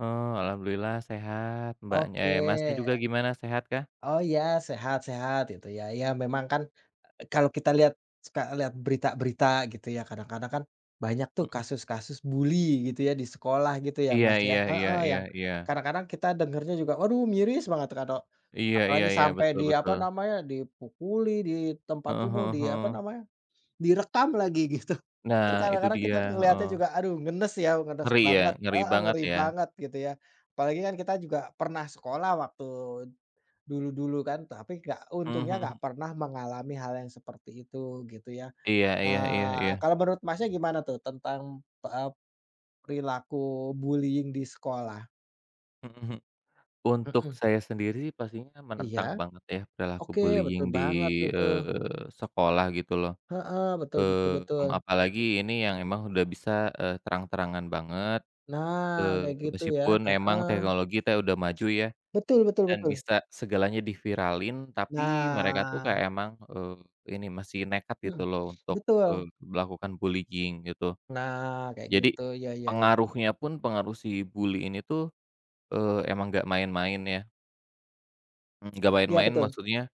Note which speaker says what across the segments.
Speaker 1: Oh. Alhamdulillah sehat Mbaknya,
Speaker 2: Oke.
Speaker 1: eh, Masnya, juga gimana sehat kah?
Speaker 2: Oh iya, sehat-sehat itu ya ya memang kan e kalo kita lihat, suka lihat berita-berita gitu ya, kadang-kadang kan banyak tuh
Speaker 1: Heeh.
Speaker 2: kasus-kasus bully gitu ya di sekolah gitu ya
Speaker 1: Iya
Speaker 2: Mas, ya?
Speaker 1: iya iya
Speaker 2: Heeh,
Speaker 1: iya
Speaker 2: yang
Speaker 1: iya.
Speaker 2: kadang-kadang kita dengernya juga waduh miris banget kalau
Speaker 1: Iya iya
Speaker 2: apalagi
Speaker 1: iya,
Speaker 2: sampai
Speaker 1: betul
Speaker 2: di apa
Speaker 1: betul.
Speaker 2: namanya, dipukuli di tempat
Speaker 1: Heeh
Speaker 2: umum, di
Speaker 1: heeh
Speaker 2: apa
Speaker 1: heeh.
Speaker 2: namanya, direkam lagi gitu.
Speaker 1: Nah
Speaker 2: Kan
Speaker 1: itu
Speaker 2: kadang-kadang kita
Speaker 1: dia
Speaker 2: melihatnya
Speaker 1: heeh.
Speaker 2: juga aduh ngenes ya, ngenes
Speaker 1: Ngeri ya,
Speaker 2: banget
Speaker 1: ngeri
Speaker 2: heeh
Speaker 1: banget
Speaker 2: ngeri
Speaker 1: ya.
Speaker 2: banget gitu ya? Apalagi kan kita juga pernah sekolah waktu dulu-dulu kan, tapi enggak,
Speaker 1: Mhm
Speaker 2: untungnya enggak
Speaker 1: mhm.
Speaker 2: pernah mengalami hal yang seperti itu gitu ya.
Speaker 1: Iya iya iya
Speaker 2: Eee,
Speaker 1: iya.
Speaker 2: kalo menurut, Masnya, gimana tuh tentang, pep perilaku bullying di sekolah?
Speaker 1: Mhm mhm.
Speaker 2: Heeh.
Speaker 1: Untuk saya sendiri, pastinya
Speaker 2: Iya.
Speaker 1: menentang banget ya perilaku
Speaker 2: Oke betul
Speaker 1: bullying di,
Speaker 2: banget itu.
Speaker 1: eee, sekolah gitu loh.
Speaker 2: Heeh. Betul betu
Speaker 1: Eee, mmm,
Speaker 2: betul.
Speaker 1: apalagi ini yang emang udah bisa, eee, terang-terangan banget.
Speaker 2: Nah,
Speaker 1: Eee,
Speaker 2: kayak gitu ya,
Speaker 1: meskipun emang
Speaker 2: heeh.
Speaker 1: teknologi teh udah maju ya.
Speaker 2: Betul betul
Speaker 1: Dan
Speaker 2: betul.
Speaker 1: bisa segalanya diviralin tapi mereka tuh
Speaker 2: Nah.
Speaker 1: kayak emang, eee, ini masih nekat gitu
Speaker 2: Mhm,
Speaker 1: loh untuk, eee,
Speaker 2: betul.
Speaker 1: melakukan bullying gitu.
Speaker 2: Nah kayak
Speaker 1: Jadi,
Speaker 2: gitu. Iya iya iya.
Speaker 1: pengaruhnya pun pengaruh si bully ini tuh, eee, emang enggak main-main ya. Enggak
Speaker 2: Iya
Speaker 1: main-main
Speaker 2: betul.
Speaker 1: maksudnya,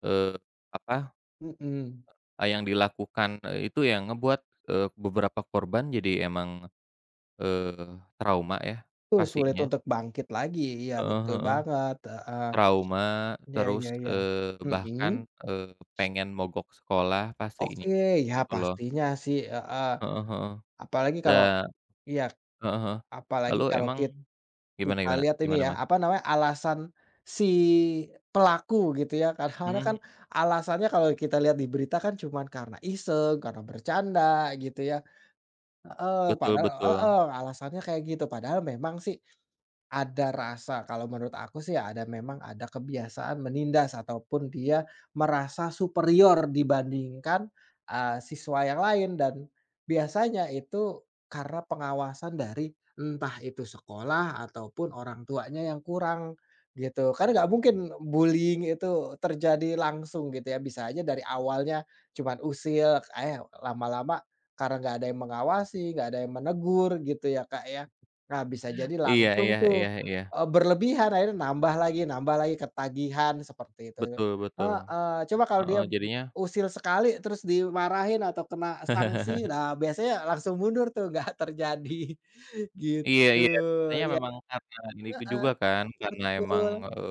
Speaker 1: eee, apa,
Speaker 2: Mhm.
Speaker 1: e yang dilakukan, eee, itu yang ngebuat, eee, beberapa korban jadi emang, eee, trauma ya
Speaker 2: Tul sulit
Speaker 1: pastinya.
Speaker 2: untuk bangkit lagi, iya
Speaker 1: Heeh
Speaker 2: betul
Speaker 1: heeh.
Speaker 2: banget heeh.
Speaker 1: Trauma
Speaker 2: Iya iya
Speaker 1: terus,
Speaker 2: iya.
Speaker 1: eee,
Speaker 2: Mhm.
Speaker 1: bahkan, eee, pengen mogok sekolah, pastinya.
Speaker 2: Oke. Ya
Speaker 1: Gitu loh.
Speaker 2: pastinya sih heeh.
Speaker 1: Heeh heeh.
Speaker 2: Apalagi
Speaker 1: Da
Speaker 2: kalo iya.
Speaker 1: heeh heeh.
Speaker 2: Apalagi
Speaker 1: Lalu
Speaker 2: kalo
Speaker 1: emang
Speaker 2: kit kita
Speaker 1: gimana-gimana?
Speaker 2: lihat ini
Speaker 1: Gimana,
Speaker 2: ya,
Speaker 1: Mas?
Speaker 2: apa namanya alasan si pelaku gitu ya? Kadang-kadang kan
Speaker 1: Mhm.
Speaker 2: alasannya kalo kita lihat di berita kan cuman karena iseng, karena bercanda, gitu ya? Heeh,
Speaker 1: Betul
Speaker 2: padahal
Speaker 1: betul.
Speaker 2: heeh, alasannya kayak gitu padahal memang sih ada rasa, kalo menurut aku sih ada memang ada kebiasaan menindas ataupun dia merasa superior dibandingkan, eee, siswa yang lain. Dan biasanya itu karena pengawasan dari, entah itu sekolah ataupun orangtuanya yang kurang. Gitu, kan enggak mungkin bullying itu terjadi langsung gitu ya, bisa aja dari awalnya cuman usil, ka yaw lama-lama karena enggak ada yang mengawasi, enggak ada yang menegur, gitu ya Kak ya? Nah bisa jadi
Speaker 1: Iya
Speaker 2: langsung
Speaker 1: iya
Speaker 2: tuh,
Speaker 1: iya iya.
Speaker 2: e berlebihan akhirnya nambah lagi, nambah lagi, ketagihan seperti itu
Speaker 1: Betul betul.
Speaker 2: heeh. Coba kalo
Speaker 1: Heeh,
Speaker 2: dia b
Speaker 1: jadinya
Speaker 2: usil sekali terus dimarahin atau kena sanksi. Nah, biasanya langsung mundur tuh enggak terjadi.
Speaker 1: Iya
Speaker 2: Gitu,
Speaker 1: iya ceritanya
Speaker 2: iya
Speaker 1: memang karena ini, tu
Speaker 2: heeh.
Speaker 1: juga kan, karena emang
Speaker 2: Betul.
Speaker 1: eee